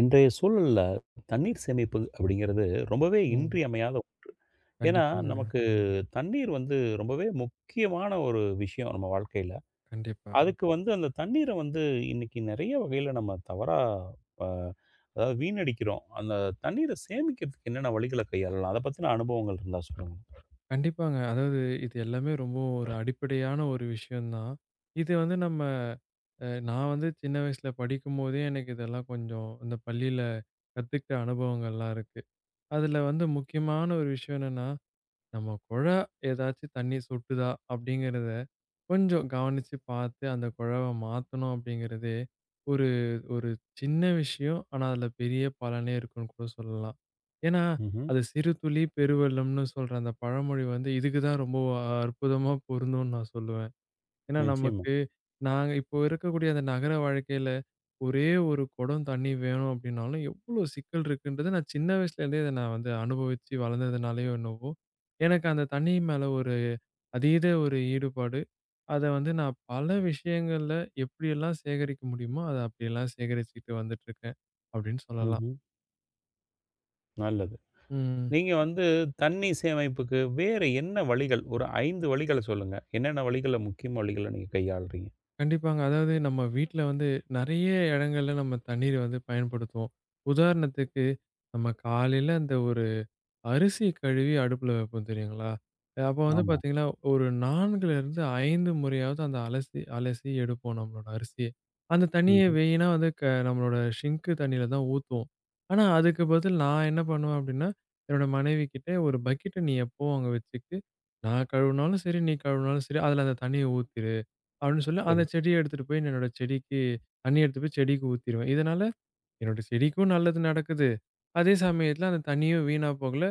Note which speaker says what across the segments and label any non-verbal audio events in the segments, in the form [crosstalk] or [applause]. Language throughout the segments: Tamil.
Speaker 1: இன்றைய சூழல்ல தண்ணீர் சேமிப்பு அப்டிங்கறது ரொம்பவே
Speaker 2: ம்.
Speaker 1: இன்றியமையாத ஒன்று. ஏன்னா,
Speaker 2: கண்டிப்பாங்க.
Speaker 1: நமக்குத் தண்ணீர் வந்து ரொம்பவே முக்கியமான ஒரு விஷயம் நம்ம வாழ்க்கையில.
Speaker 2: கண்டிப்பா.
Speaker 1: அதுக்கு வந்து அந்தத் தண்ணீர வந்து இன்னைக்கு நெறைய வகையில நம்ம தவறா, அ அதாவது வீணடிக்கிறோம். அந்தத் தண்ணீர சேமிக்கறதுக்கு என்னென்ன வழிகள கையாளலாம்? அதப் பத்தின அனுபவங்கள் இருந்தா சொல்லுங்க ப்ரோ.
Speaker 2: கண்டிப்பாங்க, அதாவது இது எல்லாமே ரொம்ப ஒரு அடிப்படையான ஒரு விஷயம்தான். இது வந்து நம்ம அ நா வந்து சின்ன வயசுல படிக்கும்போதே எனக்கு இதெல்லாம் கொஞ்சம் அந்த பள்ளில கத்துக்கிட்ட அனுபவங்கள் எல்லாம் இருக்கு. அதுல வந்து முக்கியமான ஒரு விஷயம் என்னன்னா, நம்ம குழா ஏதாச்சு தண்ணி சொட்டுதா அப்டிங்கறத கொஞ்சம் கவனிச்சு பாத்து, அந்த குழாவ மாத்தணும் அப்டிங்கறதே ஒரு ஒரு சின்ன விஷயம். ஆனா, அதுல பெரிய பலனே இருக்கும்னு கூட சொல்லலாம். ஏன்னா,
Speaker 1: ம்ஹ்ம்.
Speaker 2: அது சிறு துளி பெரு வெள்ளம்னு சொல்ற அந்த பழமொழி வந்து இதுக்கு தான் ரொம்ப அற்புதமா பொருந்தும்னு நான் சொல்லுவேன். ஏன்னா
Speaker 1: நிச்சயமா.
Speaker 2: நமக்கு நாங்க இப்ப இருக்கக்கூடிய அந்த நகர வாழ்க்கையில ஒரே ஒரு குடம் தண்ணி வேணும் அப்டினாலும், எவ்ளோ சிக்கல் இருக்குன்றத, நான் சின்ன வயசுல இருந்தே இத நான் வந்து அனுபவிச்சு வளர்ந்ததுனாலயோ என்னவோ, எனக்கு அந்த தண்ணி மேல ஒரு அதீத ஒரு ஈடுபாடு. அத வந்து நான் பல விஷயங்கள்ல எப்டி எல்லாம் சேகரிக்க முடியுமோ அப்டி எல்லாம் சேகரிச்சுட்டு வந்துட்டு இருக்கேன் அப்டின்னு சொல்லலாம்.
Speaker 1: ம்ஹ்ம். நல்லது.
Speaker 2: ம்.
Speaker 1: நீங்க வந்து தண்ணீ சேமைப்புக்கு வேற என்ன வழிகள்? ஒரு 5 வழிகளச் சொல்லுங்க. என்னென்ன வழிகள, முக்கிய வழிகள நீங்கக் கையாள்றீங்க?
Speaker 2: கண்டிப்பாங்க. அதாவது நம்ம வீட்டுல வந்து நறைய இடங்கள்ல நம்ம தண்ணீர் வந்து பயன்படுத்துவோம். உதாரணத்துக்கு, நம்ம காலையில அந்த ஒரு அரிசி கழுவி அடுப்புல வெப்போம் தெரியுங்களா? அப்போ வந்து
Speaker 1: ஆமா.
Speaker 2: பாத்தீங்கன்னா, ஒரு 4 இருந்து 5 முறையாவது அந்த அலசி, அலசி எடுப்போம் நம்மளோட அரிசியை. அந்த தண்ணியை
Speaker 1: ம்ஹும்.
Speaker 2: வீணா வந்து க நம்மளோட சிங்க் தண்ணியில தான் ஊத்துவோம். ஆனா அதுக்கு பதில் நா என்ன பண்ணுவேன் அப்டின்னா, என்னோட மனைவிக்கிட்ட ஒரு பக்கெட்ட நீ எப்பவும் அங்க வச்சுட்டு, நான் கழுவுனாலும் சரி நீ கழுவுனாலும் சரி அதுல அந்தத் தண்ணிய ஊத்திரு, அப்டின்னு சொல்லி
Speaker 1: சரி.
Speaker 2: அந்தச் செடிய எடுத்துட்டு போய் என்னோட செடிக்கு தண்ணிய எடுத்துட்டு போய் செடிக்கு ஊத்திடுவேன். இதனால, என்னோட செடிக்கும் நல்லது நடக்குது, அதே சமயத்துல அந்தத் தண்ணியும் வீணா போகல.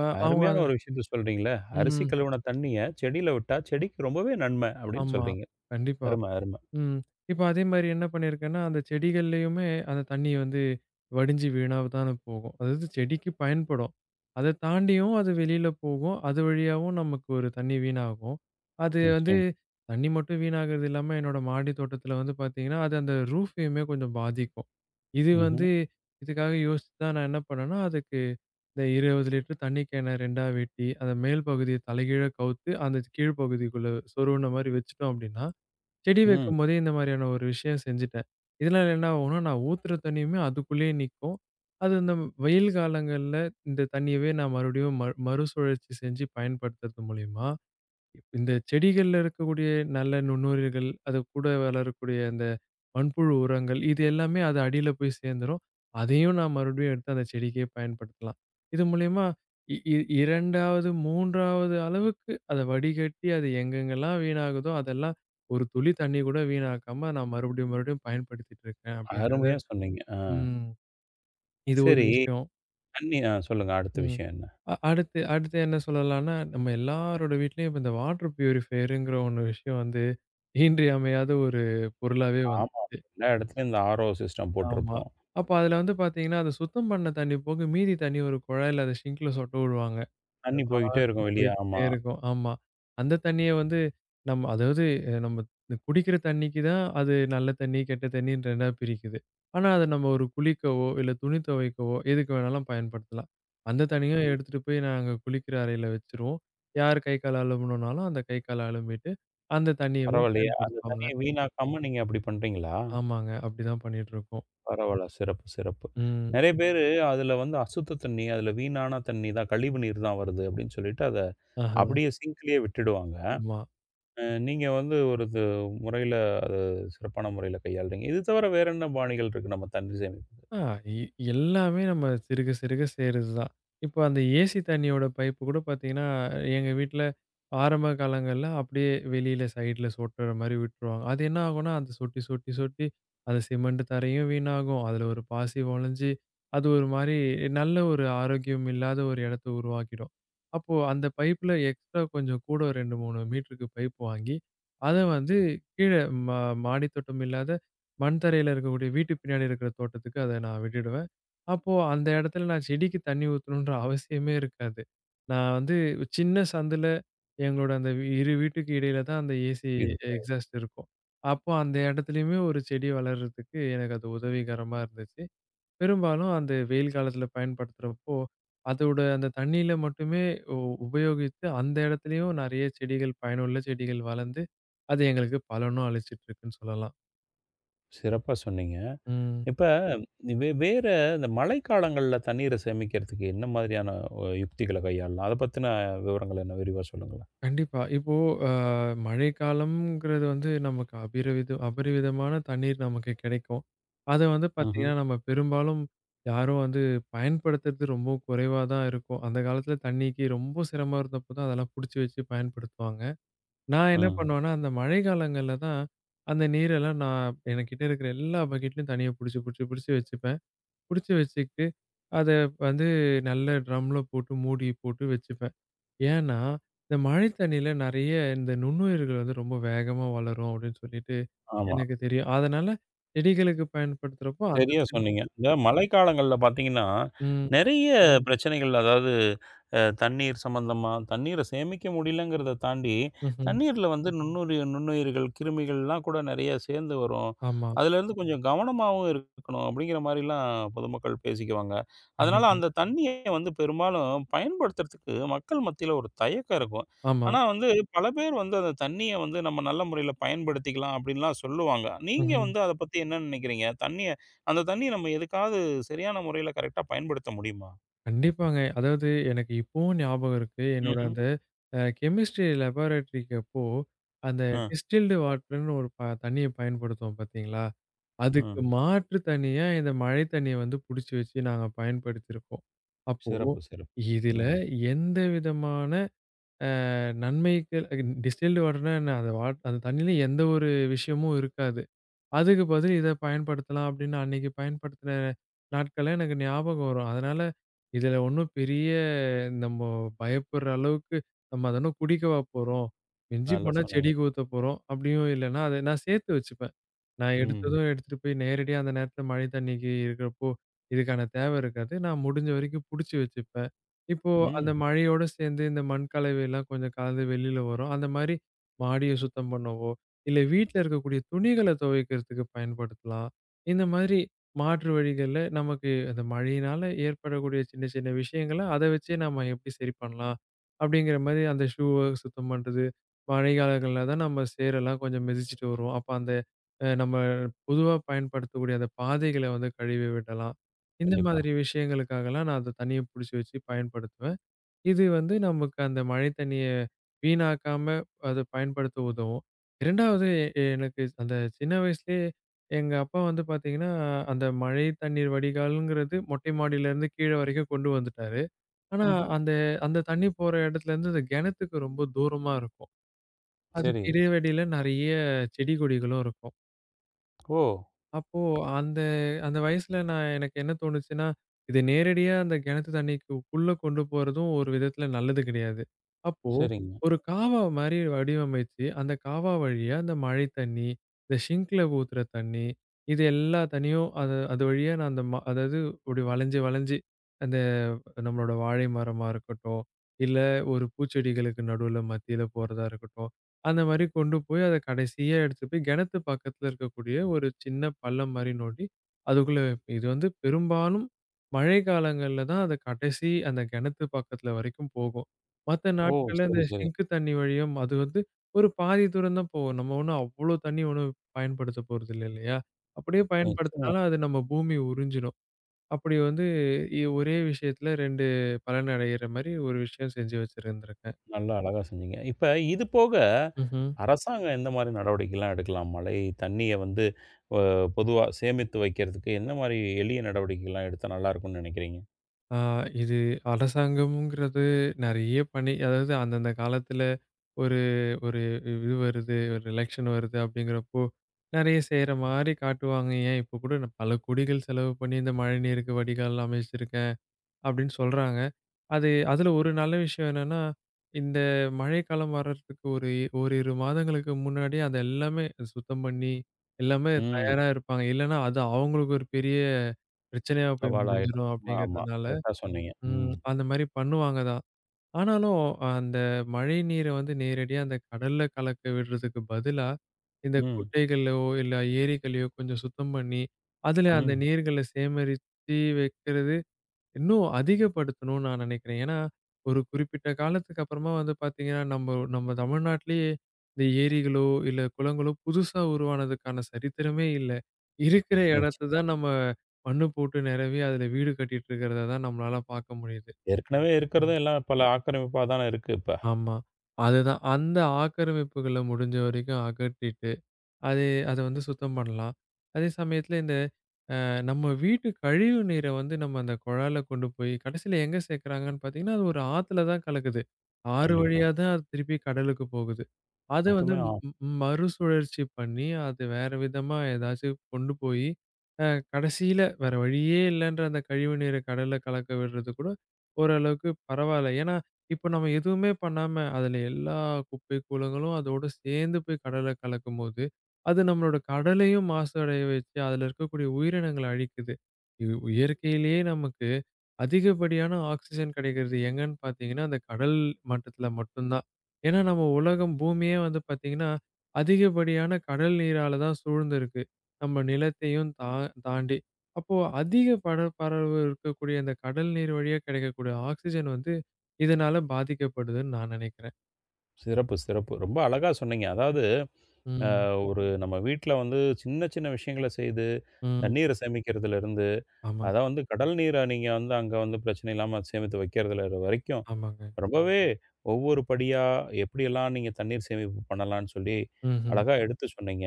Speaker 2: அ அவுங்க
Speaker 1: அருமையான
Speaker 2: அத
Speaker 1: ஒரு விஷயத்தச் சொல்றீங்களே. அரிசி
Speaker 2: ம்.
Speaker 1: கழுவின தண்ணீய, செடில விட்டா செடிக்கு ரொம்பவே நன்மை அப்டின்னு
Speaker 2: ஆமா.
Speaker 1: சொல்றீங்க.
Speaker 2: கண்டிப்பா.
Speaker 1: அருமை, அருமை.
Speaker 2: ம். இப்ப அதே மாரி என்ன பண்ணி இருக்கேன்னா, அந்தச் செடிகள்லயுமே அந்தத் தண்ணி வந்து வடிஞ்சு வீணாவதான் போகும். அதாவது செடிக்கு பயன்படும். அது தாண்டியும் அது வெளியில போகும், அது வழியாவும் நமக்கு ஒரு தண்ணி வீணாகும். அது வந்து
Speaker 1: நிச்சயம்.
Speaker 2: தண்ணி மட்டும் வீணாகுறது இல்லாம என்னோட மாடித் தோட்டத்துல வந்து பாத்தீங்கன்னா, அது அந்த ரூஃபயுமே கொஞ்சம் பாதிக்கும். இது
Speaker 1: ம்ஹும்.
Speaker 2: வந்து இதுக்காக யோசிச்சுதான் நான் என்ன பண்ணேன்னா, அதுக்கு இந்த 20 லிட்டர் தண்ணி கேனை 2 வெட்டி, அந்த மேல் பகுதியைத் தலைகீழா கவுத்து, அந்த கீழ் பகுதிக்குள்ள சொருவுன்ன மாரி வெச்சுட்டோம் அப்டின்னா, செடி
Speaker 1: ம்.
Speaker 2: வைக்கும்போதே இந்த மாரியான ஒரு விஷயம் செஞ்சிட்டேன். இதனால என்ன ஆகும்னா நான் ஊத்துற தண்ணிமே அதுக்குள்ளே நிக்கும். அது இந்த வெயில் காலங்கள்ல இந்தத் தண்ணியவே நான் மறுபடியும் மறுசுழற்சி செஞ்சு பயன்படுத்துறது மூலியமா, இந்தச் செடிகள்ல இருக்கக்கூடிய நல்ல நுண்ணுயிர்கள், அது கூட வளரக்கூடிய அந்த மண்புழு உரங்கள் இது எல்லாமே அது அடியில போய்ச் சேந்திரும். அதையும் நான் மறுபடியும் எடுத்து அந்தச் செடிக்கே பயன்படுத்தலாம். இது மூலியமா இ இ இரண்டாவது, 3 அளவுக்கு அத வடிகட்டி அது எங்கெங்கெல்லாம் வீணாகுதோ, அதெல்லாம் ஒரு துளி தண்ணி கூட வீணாக்காம நான் மறுபடியும் மறுபடியும் பயன்படுத்திக்கிட்டு இருக்கேன் அப்டிங்கிறதை
Speaker 1: அருமையா சொன்னீங்க. ஆ.
Speaker 2: ம். இது ஒரு
Speaker 1: செரி.
Speaker 2: விஷயம்.
Speaker 1: தண்ணி அ, சொல்லுங்க அடுத்த
Speaker 2: ம்.
Speaker 1: விஷயம் என்ன?
Speaker 2: அ அடுத்து, அடுத்து என்ன சொல்லலாம்னா, நம்ம எல்லாரோட வீட்டிலேயும் இப்ப இந்த வாட்டர் ப்யூரிபயர்ங்கிற ஒண்ணு விஷயம் வந்து இன்றியமையாத ஒரு பொருளாவே
Speaker 1: ஆமாம்.
Speaker 2: வந்துருச்சு.
Speaker 1: எல்லா இடத்திலும் இந்த ஆரோ சிஸ்டம்
Speaker 2: ஆமா.
Speaker 1: போட்டுருப்போம்.
Speaker 2: அப்போ அதுல வந்து பாத்தீங்கன்னா, அந்த சுத்தம் பண்ண தண்ணி போக மீதி தண்ணி ஒரு குழாயில, அத சிங்கல சொட்ட விடுவாங்க.அது
Speaker 1: தண்ணி போய்க்கிட்டே
Speaker 2: பாட்டுக்கு
Speaker 1: இருக்கும் வெளிய.
Speaker 2: போயிட்டே
Speaker 1: ஆமா.
Speaker 2: இருக்கும். ஆமா. அந்தத் தண்ணிய வந்து நம்ம அதாவது நம்ம குடிக்கிற தண்ணிக்கு தான் அது நல்ல தண்ணி, கெட்ட தண்ணின்னு 2 பிரிக்குது. ஆனா அத நம்ம ஒரு குளிக்கவோ இல்ல துணி தொவைக்கவோ எதுக்கு வேணாலும் பயன்படுத்தலாம். அந்தத் தண்ணிய எடுத்துட்டு போய் நாங்க குளிக்கிற அறையில வெச்சிருவோம். யார் கைக்கால் அழும்பணும்னாலும் அந்தக் கைக்கால் அலம்பிட்டு அந்தத் தண்ணியவும்
Speaker 1: பரவாயில்லையே! அந்தத்
Speaker 2: பயன்படுத்துவாங்க.
Speaker 1: தண்ணீய வீணாக்காம நீங்க அப்டி பண்றீங்களா?
Speaker 2: ஆமாங்க. அப்டி தான் பண்ணிட்டு இருக்கோம்.
Speaker 1: பரவால்ல. சிறப்பு, சிறப்பு.
Speaker 2: ம்.
Speaker 1: நறையா பேரு அதுல வந்து அசுத்த தண்ணீ, அதுல வீணான தண்ணீ தான், கழிவு நீர் தான் வருது அப்டின்னு சொல்லிட்டு அத
Speaker 2: அஹா.
Speaker 1: அப்டியே சிங்க்லயே விட்டுடுவாங்க.
Speaker 2: ஆமா.
Speaker 1: நீங்க வந்து ஒரு இது முறையில, அது சிறப்பான முறையில கையாளுறீங்க. இது தவிர வேறென்ன பாணிகள் இருக்கு நம்ம தண்ணீர் சேமிப்ப?
Speaker 2: ஆ, இ எல்லாமே நம்ம சிறுக சிறுக சேருறது தான். இப்போ அந்த ஏசி தண்ணியோட பைப் கூடப் பாத்தீங்கன்னா, எங்க வீட்டுல ஆரம்ப காலங்கள்ல அப்டியே வெளியில ஸைட்ல சொட்டுற மாரி விட்டுருவாங்க. அது என்ன ஆகும்னா அந்தச் சொட்டி, சொட்டி, சொட்டி அது சிமெண்ட் தரையும் வீணாகும். அதுல ஒரு பாசி வாலஞ்சி, அது ஒரு மாரி நல்ல ஒரு ஆரோக்கியம் இல்லாத ஒரு இடத்த உருவாக்கிடும். அப்போ அந்த பைப்ல எக்ஸ்ட்ரா கொஞ்சம் கூட 2, 3 மீட்டர்க்கு பைப் வாங்கி, அத வந்து கீழ மா மாடித் தோட்டம் இல்லாத மண் தரையில இருக்கக்கூடிய வீட்டு பின்னாடி இருக்கிற தோட்டத்துக்கு அத நான் விட்டுடுவேன். அப்போ அந்த இடத்துல நான் செடிக்கு தண்ணி ஊத்தணும்னுற அவசியமே இருக்காது. நான் வந்து சின்னச் சந்துல எங்களோட அந்த இரு வீட்டுக்கு இடையில தான் அந்த ஏசி
Speaker 1: இது [unintelligible]
Speaker 2: எக்ஸாஸ்ட் இருக்கும். அப்போ அந்த இடத்துலயுமே ஒரு செடி வளர்றதுக்கு எனக்கு அது உதவிகரமா இருந்துச்சு. பெரும்பாலும் அந்த வெயில் காலத்துல பயன்படுத்துறப்போ, அதோட அந்தத் தண்ணில மட்டுமே உ உபயோகிச்சு அந்த இடத்துலயும் நறையா செடிகள் பயனுள்ள செடிகள் வளர்ந்து, அது எங்களுக்குப் பலனும் அளிச்சிட்டு இருக்குன்னு சொல்லலாம்.
Speaker 1: சிறப்பா சொன்னீங்க.
Speaker 2: ம்.
Speaker 1: இப்ப வே வேற இந்த மழைக்காலங்கள்ல தண்ணீர சேமிக்கிறதுக்கு என்ன மாரியான ஒ யுக்திகள கையாளலாம்? அதப் பத்தின விவரங்கள் என்ன? விரிவா சொல்லுங்களேன்.
Speaker 2: கண்டிப்பா. இப்போ அ மழைக்காலம்ங்கிறது வந்து நமக்கு அபரிவித அபரிவிதமான தண்ணீர் நமக்குக் கெடைக்கும். அத வந்து
Speaker 1: ம்ஹும்.
Speaker 2: பாத்தீங்கன்னா, நம்ம பெரும்பாலும் யாரும் வந்து பயன்படுத்துறது ரொம்ப குறைவாதான் இருக்கும். அந்தக் காலத்துல தண்ணிக்கு ரொம்ப சிரமம் இருந்தப்போ தான் அதெல்லாம் புடிச்சு வச்சு பயன்படுத்துவாங்க. நான் என்ன
Speaker 1: ம்.
Speaker 2: பண்ணுவேன்னா, அந்த மழை காலங்கள்ல தான் அந்த நீரெல்லாம் நான் என்கிட்ட இருக்கிற எல்லா பக்கெட்லயும் தண்ணிய புடிச்சு, புடிச்சு, புடிச்சு வச்சுப்பேன். புடிச்சு வச்சிக்கிட்டு, அத வந்து நல்ல ட்ரம்ல போட்டு மூடி போட்டு வச்சுப்பேன். ஏன்னா இந்த மழைத் தண்ணியில நறைய இந்த நுண்ணுயிர்கள் வந்து ரொம்ப வேகமா வளரும் அப்டின்னு சொல்லிட்டு
Speaker 1: ஆமா.
Speaker 2: ,எனக்குத் தெரியும். அதனால செடிகளுக்கு பயன்படுத்துறப்போ அந்த
Speaker 1: சரியா
Speaker 2: தண்ணி
Speaker 1: சொன்னீங்க. இந்த மழைக்காலங்கள்ல பாத்தீங்கன்னா,
Speaker 2: ம்.
Speaker 1: நறைய பிரச்சனைகள். அதாவது, தண்ணீர் சம்பந்தமா, தண்ணீரச் சேமிக்க முடியலங்கிறத தாண்டித்
Speaker 2: ம்ஹம்.
Speaker 1: தண்ணீர்ல வந்து நுண்ணுயிர் நுண்ணுயிர்கள், கிருமிகள்லாம் கூட நெறையா சேந்து வரும்.
Speaker 2: ஆமா.
Speaker 1: அதுல இருந்து கொஞ்சம் கவனமாவும் இருக்கணும். அப்டிங்கற மாரி எல்லாம் பொதுமக்கள் பேசிக்கவாங்க. அதனால
Speaker 2: கண்டிப்பா.
Speaker 1: அந்தத் தண்ணியை வந்து பெரும்பாலும் பயன்படுத்துறதுக்கு மக்கள் மத்தியில ஒரு தயக்கம் இருக்கும்.
Speaker 2: ஆமா.
Speaker 1: ஆனா வந்து, பல பேர் வந்து அந்தத் தண்ணிய வந்து நம்ம நல்ல முறையில பயன்படுத்திக்கலாம் அப்டின்னுலாம் சொல்லுவாங்க. நீங்க
Speaker 2: ம்ஹம்.
Speaker 1: வந்து அதப் பத்தி என்ன நெனைக்கிறீங்க? தண்ணிய அந்தத் தண்ணிய நம்ம எதுக்காவது சரியான முறையில கரெக்டா பயன்படுத்த முடியுமா?
Speaker 2: கண்டிப்பாங்க. அதாவது எனக்கு இப்பவும் ஞாபகம் இருக்கு. என்னோட
Speaker 1: ம்ஹூம்.
Speaker 2: அந்த அ கெமிஸ்ட்ரி லாபரடோரிக்கு அப்போ, அந்த
Speaker 1: ம்.
Speaker 2: டிஸ்டில்டு வாட்டர்ன்னு ஒரு ப தண்ணிய பயன்படுத்துவோம் பாத்தீங்களா? அதுக்கு
Speaker 1: ம்.
Speaker 2: மாற்றுத் தண்ணியா, இந்த மழைத் தண்ணியை வந்து புடிச்சு வச்சு நாங்க பயன்படுத்தி இருப்போம். அப்போ,
Speaker 1: சிறப்பு, சிறப்பு.
Speaker 2: இதுல
Speaker 1: ம்.
Speaker 2: எந்த விதமான அ நன்மைக டிஹிஸ்ல்டு வாட்டர்ன்னா என்ன அந்த வா தண்ணியில எந்த ஒரு விஷயமும் இருக்காது. அதுக்கு பதிலா இதப் பயன்படுத்தலாம் அப்டின்னு அன்னைக்கு பயன்படுத்தின நாட்கள்லாம் எனக்கு ஞாபகம் வரும். அதனால இதுல ஒண்ணும் பெரிய நம்ம பயப்படுற அளவுக்கு, நம்ம அத என்னா குடிக்கவா போறோம்? மிஞ்சிப்
Speaker 1: நல்லா
Speaker 2: போனா
Speaker 1: சொன்னீங்க.
Speaker 2: செடிக்கு ஊத்தப்போறோம், அப்டியும் இல்லன்னா அத நான் சேர்த்து வச்சுப்பேன். நான்
Speaker 1: ம்.
Speaker 2: எடுத்ததும் எடுத்துட்டு போய் நேரடியா அந்த நேரத்துல மழைத் தண்ணி இருக்கறப்போ இதுக்கான தேவை இருக்காது. நான் முடிஞ்ச வரைக்கும் புடிச்சு வச்சுப்பேன். இப்போ அந்த
Speaker 1: ம்.
Speaker 2: மழையோடு சேந்து, இந்த மண் கலவை எல்லாம் கொஞ்சம் கழந்து வெளியில வரும். அந்த மாரி மாடிய சுத்தம் பண்ணவோ, இல்ல வீட்டுல இருக்கக்கூடிய துணிகளைத் தொவைக்கிறதுக்கு பயன்படுத்தலாம். இந்த மாரி மாற்று வழிகள்ல, நமக்கு அந்த மழையினால ஏற்படக்கூடிய சின்ன சின்ன விஷயங்கள, அத வெச்சே நம்ம எப்டி சரி பண்ணலாம்? அப்டிங்கிற மாதிரி, அந்த ஷூ சுத்தம் பண்றது. மழை காலங்கள்ல தான் நம்ம சேரு எல்லாம் கொஞ்சம் மிதிச்சுட்டு வருவோம். அப்போ அந்த நம்ம பொதுவா பயன்படுத்தக்கூடிய அந்த பாதைகள வந்து கழுவி விடலாம். இந்த
Speaker 1: கண்டிப்பா.
Speaker 2: மாதிரி விஷயங்களுக்காக எல்லாம் நான் அந்தத் தண்ணிய புடிச்சு வச்சு பயன்படுத்துவேன். இது வந்து நமக்கு அந்த மழைத் தண்ணிய வீணாக்காம, அதப் பயன்படுத்த உதவும். 2 வது எனக்கு அந்தச் சின்ன வயசுலயே எங்க அப்பா வந்து பாத்தீங்கன்னா, அந்த மழைத் தண்ணீர் வடிகால்ங்கிறது மொட்டை மாடியிலிருந்து கீழ வரைக்கும் கொண்டு வந்துட்டாரு. ஆனா
Speaker 1: ம்ஹ்ம்.
Speaker 2: அந்த, அந்தத் தண்ணி போற இடத்துல இருந்து அந்தக் கிணத்துக்கு ரொம்ப தூரமா இருக்கும். அதுக்கு
Speaker 1: சரி.
Speaker 2: இடையில இடையில நிறைய செடி, கொடிகளும் இருக்கும்.
Speaker 1: ஓ!
Speaker 2: அப்போ அந்த அந்த வயசுல நான் எனக்கு என்ன தோணுச்சுன்னா, இது நேரடியா அந்த கிணத்து தண்ணிக்கு கு குள்ள கொண்டு போறதும் ஒரு விதத்துல நல்லது கிடையாது. அப்போ
Speaker 1: சரிங்க.
Speaker 2: ஒரு காவா மாரி வடிவமைச்சு அந்தக் காவா வழியா அந்த மழைத் தண்ணி, அந்த ஸிங்க்ல ஊத்துற தண்ணி, இது எல்லாம் தண்ணியும் அது அது வழியா நான் அந்த மா அதாவது இப்படி வளைஞ்சு வளைஞ்சு, அந்த நம்மளோட வாழை மரமா இருக்கட்டும், இல்ல ஒரு பூச்செடிகளுக்கு நடுவுல மத்தியில போறதா இருக்கட்டும், அந்த மாரி கொண்டு போய் அத கடைசியா எடுத்துட்டு போயி, கெணத்து பக்கத்துல இருக்கக்கூடிய ஒரு சின்னப் பள்ளம் மாரி நோண்டி அதுக்குள்ள இது வந்து பெரும்பாலும் மழை காலங்கள்ல தான் அது கடைசி, அந்தக் கிணத்து பக்கத்துல வரைக்கும் போகும். மத்த
Speaker 1: ஓ!
Speaker 2: நாட்கள்ல
Speaker 1: சரி,
Speaker 2: அந்த
Speaker 1: சரி.
Speaker 2: ஸிங்க் தண்ணி வழியும், அது வந்து ஒரு பாதி தூரம் தான் போகும். நம்ம ஒண்ணும் அவ்ளோ தண்ணி ஒண்ணும் பயன்படுத்தப்போறது இல்ல, இல்லையா? அப்படியே
Speaker 1: நிச்சயமா.
Speaker 2: பயன்படுத்துனாலும் அது நம்ம பூமி உறிஞ்சிரும். அப்படி வந்து இ ஒரே விஷயத்துல 2 பலன் அடையிற மாரி ஒரு விஷயம் செஞ்சு வச்சுருந்திருக்கேன்.
Speaker 1: நல்லா அழகா செஞ்சீங்க. இப்ப இது போக,
Speaker 2: ம்ஹ்ம்.
Speaker 1: அரசாங்கம் எந்த மாதிரி நடவடிக்கை எல்லாம் எடுக்கலாம்? மழைத் தண்ணிய வந்து அ பொதுவா சேமித்து வைக்கறதுக்கு, எந்த மாதிரி எளிய நடவடிக்கை எல்லாம் எடுத்தா நல்லா இருக்கும்ன்னு நெனைக்கிறீங்க?
Speaker 2: ஆ இது அரசாங்கம்ங்கிறது நெறைய பண்ணி, அதாவது அந்தந்த காலத்துல ஒரு ஒரு இது வருது ஒரு எலக்சன் வருது அப்படிங்கிறப்போ, நெறைய செய்ற மாரி காட்டுவாங்க. ஏன் இப்ப கூட, "நான் பல கோடிகள் செலவு பண்ணி, இந்த மழை நீருக்கு வடிகால் அமைச்சு இருக்கேன்." அப்படின்னு சொல்றாங்க. அது அதுல ஒரு நல்ல விஷயம் என்னன்னா, இந்த மழைக்காலம் வர்றதுக்கு ஒரு 1 -2 மாதங்களுக்கு முன்னாடியே அதை எல்லாமே சுத்தம் பண்ணி, எல்லாமே
Speaker 1: ம்.
Speaker 2: தயாரா இருப்பாங்க. இல்லைனா அது அவங்களுக்கு ஒரு பெரிய பிரச்சனையா போய்
Speaker 1: சவால் ஆயிடும்.
Speaker 2: முடிஞ்சுரும்
Speaker 1: ஆமா.
Speaker 2: அப்படிங்கிறதுனால,
Speaker 1: கரெக்டா சொன்னீங்க.
Speaker 2: ம்.
Speaker 1: ம்.
Speaker 2: அந்த மாரி பண்ணுவாங்க தான். ஆனாலும் அந்த மழை நீரை வந்து நேரடியா அந்த கடல்ல கலக்கவிடுறதுக்கு பதிலா, இந்தக்
Speaker 1: ம்.
Speaker 2: குட்டைகள்ளையோ, இல்ல ஏரிகள்ளையோ கொஞ்சம் சுத்தம் பண்ணி, அதுல அந்த
Speaker 1: ம்.
Speaker 2: நீர்களை சேகரிச்சு வைக்கிறது, இன்னும் அதிகப்படுத்தணும்ன்னு நான் நெனைக்கிறேன். ஏன்னா ஒரு குறிப்பிட்ட காலத்துக்கு அப்புறமா வந்து பாத்தீங்கன்னா, நம்ப நம்ம தமிழ்நாட்டிலேயே இந்த ஏரிகளோ, இல்ல குளங்களோ புதுசா உருவானதுக்கான சரித்திரமே இல்ல. இருக்கிற இடத்தை
Speaker 1: நிச்சயமா.
Speaker 2: தான் நம்ம மண்ணு போட்டு நெரவி, அதுல வீடு கட்டிட்டு இருக்கிறத தான் நம்மளால பார்க்க முடியுது.
Speaker 1: ஏற்கனவே இருக்கிறத
Speaker 2: ம்.
Speaker 1: எல்லாம் பல ஆக்கிரமிப்பா தான இருக்கு இப்ப.
Speaker 2: ஆமா. அது தான். அந்த ஆக்கிரமிப்புகளை முடிஞ்ச வரைக்கும் அகற்றிட்டு, அதை அத வந்து சுத்தம் பண்ணலாம். அதே சமயத்துல இந்த அ நம்ம வீட்டு கழிவு நீரை வந்து நம்ம அந்தக் குழால கொண்டு போய், கடைசியில எங்க சேர்க்கிறாங்கன்னு பாத்தீங்கன்னா, அது ஒரு ஆத்துல தான் கலக்குது. ஆறு
Speaker 1: கண்டிப்பா.
Speaker 2: வழியா தான் அது திருப்பிக் கடலுக்கு போகுது. அதை வந்து
Speaker 1: மொத்தமே ஆ
Speaker 2: ம் ம மறுசுழற்சி பண்ணி, அது வேற விதமா எதாச்சு கொண்டு போயி, அ கடைசியில வேற வழியே இல்லைன்ற அந்த கழிவு நீரை கடல்ல கலக்கவிடுறது கூட ஒரு அளவுக்குப் பரவால்ல. ஏன்னா இப்ப நம்ம எதுவுமே பண்ணாம, அதுல எல்லா குப்பை கூளங்களும் அதோட சேர்ந்து போய் கடல்ல கலக்கும்போது, அது நம்மளோட கடலையும் மாசு அடைய வச்சு, அதுல இருக்கக்கூடிய உயிரினங்களை அழிக்குது. இ இயற்கையிலயே நமக்கு அதிகப்படியான ஆக்ஸிஜன் கிடைக்கிறது எங்கன்னு பாத்தீங்கன்னா, அந்தக் கடல் மட்டத்துல மட்டும்தான். ஏன்னா நம்ம உலகம் பூமியே வந்து பாத்தீங்கன்னா, அதிகப்படியான கடல் நீரால தான் சூழ்ந்திருக்கு. நம்ம நிலத்தையும் தா தாண்டி. அப்போ அதிக பரப்பளவு இருக்கக்கூடிய அந்தக் கடல் நீர் வழியா கிடைக்கக்கூடிய ஆக்ஸிஜன் வந்து, இதனால பாதிக்கப்படுதுன்னு நான் நெனைக்கிறேன்.
Speaker 1: சிறப்பு! சிறப்பு! ரொம்ப அழகா சொன்னீங்க. அதாவது அ
Speaker 2: ம்.
Speaker 1: ஒரு நம்ம வீட்டுல வந்து சின்ன சின்ன விஷயங்கள செய்து
Speaker 2: ம்.
Speaker 1: தண்ணீரை சேமிக்குறதுலருந்து,
Speaker 2: ஆமாங்
Speaker 1: அத வந்து கடல் நீரா நீங்க வந்து அங்க வந்து பிரச்சனை இல்லாம சேமித்து வைக்கறதுல அது வரைக்கும்,
Speaker 2: ஆமாங்க.
Speaker 1: ரொம்பவே ஒவ்வொரு படியா எப்படி எல்லாம் நீங்கத் தண்ணீர் சேமிப்பு பண்ணலாம்ன்னு சொல்லி,
Speaker 2: ம்ஹ்ம்.
Speaker 1: அழகா எடுத்து சொன்னீங்க.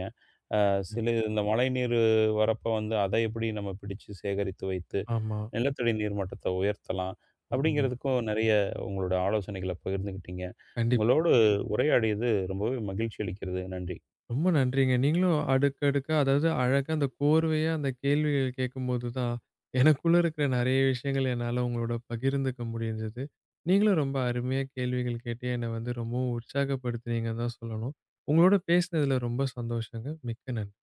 Speaker 1: "அ சில இந்த மழை நீரு வரப்ப வந்து, அதை எப்படி நம்ம பிடிச்சு சேகரித்து வைத்து
Speaker 2: ஆமா.
Speaker 1: நிலத்தடி நீர்மட்டத்தை உயர்த்தலாம்?"
Speaker 2: ஆமாங்க.
Speaker 1: அப்படிங்கறதுக்கும் நெறைய உங்களோட ஆலோசனைகளை பகிர்ந்துக்கிட்டீங்க.
Speaker 2: கண்டிப்பா.
Speaker 1: உங்களோடு உரையாடியது ரொம்பவே மகிழ்ச்சி அளிக்கிறது. நன்றி.
Speaker 2: ரொம்ப நன்றிங்க. நீங்களும் அடுக்கடுக்கா, அதாவது அழகா அந்த கோர்வையா அந்த கேள்விகளைக் கேட்கும்போது தான், எனக்குள்ள இருக்க நெறைய விஷயங்களை என்னால உங்களோட பகிர்ந்துக்க முடிஞ்சது. நீங்களும் ரொம்ப அருமையா கேள்விகள் கேட்டு, என்னை வந்து ரொம்பவும் உற்சாகப்படுத்துனீங்கன்னு தான் சொல்லணும். உங்களோட பேசுனதுல ரொம்ப சந்தோஷம்ங்க. மிக்க நன்றி.